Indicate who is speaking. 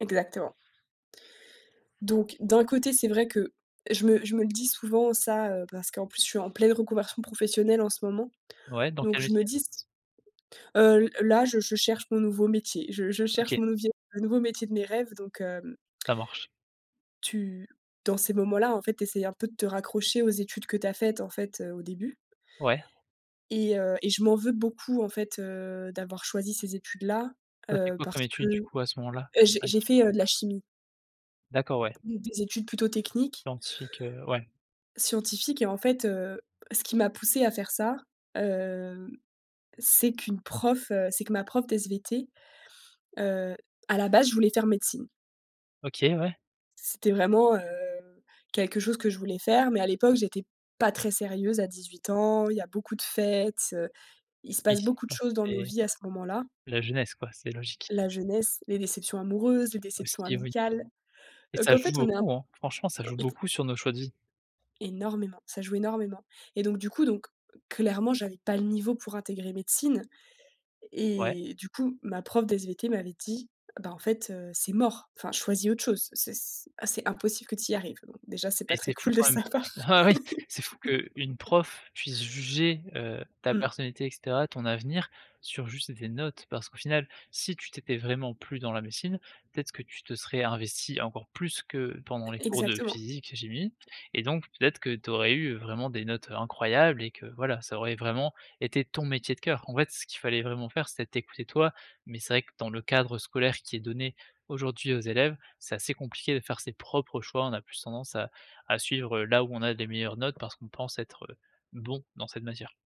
Speaker 1: Exactement donc, d'un côté, c'est vrai que je me je me le dis souvent ça, heu, parce qu'en plus je suis en pleine reconversion professionnelle en ce moment.
Speaker 2: Ouais, dans quel
Speaker 1: Donc je me
Speaker 2: métier?
Speaker 1: dis s heu, l là, je je cherche mon nouveau métier, je je cherche
Speaker 2: OK.
Speaker 1: mon levier, un nouveau métier de mes rêves. Donc, heu, mmh
Speaker 2: Ça marche.
Speaker 1: tu dans ces moments-là en fait, tu essayes un peu de te raccrocher aux études que tu as faites en fait, heu, au début
Speaker 2: Ouais?
Speaker 1: et heu, et je m'en veux beaucoup en fait, heu, d'avoir choisi ces études-là,
Speaker 2: Tu as fait
Speaker 1: heu,
Speaker 2: quoi
Speaker 1: parce
Speaker 2: comme étude du
Speaker 1: que
Speaker 2: coup à ce moment-là?
Speaker 1: eh j'ai
Speaker 2: À
Speaker 1: j'ai
Speaker 2: dix-huit
Speaker 1: fait, heu, de la chimie
Speaker 2: D'accord ouais.
Speaker 1: mmh, des études plutôt techniques
Speaker 2: Scientifique, heu, ouais.
Speaker 1: scientifiques et en fait, heu, ce qui m'a poussé à faire ça, heu, c'est qu'une prof, heu, c'est que ma prof de SVT, heu, à la base, je voulais faire médecine
Speaker 2: OK, ouais.
Speaker 1: c'était vraiment, heu, quelque chose que je voulais faire, mais à l'époque, j'étais pas très sérieuse à 18 ans, il y a beaucoup de fêtes, heu, il se
Speaker 2: Oui,
Speaker 1: passe beaucoup de
Speaker 2: enfin
Speaker 1: choses dans nos
Speaker 2: c'était
Speaker 1: vies à ce moment-là
Speaker 2: la jeunesse quoi, c'est logique.
Speaker 1: la jeunesse, les déceptions amoureuses, les déceptions
Speaker 2: Aussi, oui.
Speaker 1: amicales.
Speaker 2: Et
Speaker 1: Heu,
Speaker 2: ça
Speaker 1: qu'en
Speaker 2: joue
Speaker 1: fait, on est un,
Speaker 2: beaucoup, hein? Franchement ça
Speaker 1: heu,
Speaker 2: joue
Speaker 1: ik
Speaker 2: beaucoup sur nos choix de vie.
Speaker 1: Énormément, ça joue énormément. Et donc, du coup, donc clairement, j'avais pas le niveau pour intégrer médecine
Speaker 2: Ouais.
Speaker 1: et du coup, ma prof de SVT m'avait dit: «Bah, en fait, heu, c'est mort, enfin, choisis autre chose. C'est c' ah c'est impossible que tu y arrives». Déjà, c'est
Speaker 2: Mais
Speaker 1: pas très
Speaker 2: c'est fou
Speaker 1: cool de
Speaker 2: quand même
Speaker 1: savoir.
Speaker 2: bah oui, c'est fou qu'une prof puisse juger, heu, ta
Speaker 1: Mmh.
Speaker 2: personnalité et caetera, ton avenir, sur juste des notes. Parce qu'au final, si tu t'étais vraiment plu dans la médecine, peut-être que tu te serais investie encore plus que pendant les
Speaker 1: E
Speaker 2: cours de
Speaker 1: exactement.
Speaker 2: physique et chimie. Et donc peut-être que tu aurais eu vraiment des notes, heu, incroyables et que, voilà, ça aurait vraiment été ton métier de cœur. En fait, ce qu'il fallait vraiment faire c'était t'écouter toi, mais c'est vrai que dans le cadre scolaire qui est donné aujourd'hui aux élèves, c'est assez compliqué de faire ses propres choix. On a plus tendance à à suivre là où on a des meilleures notes parce qu'on pense être, heu, bon dans cette matière.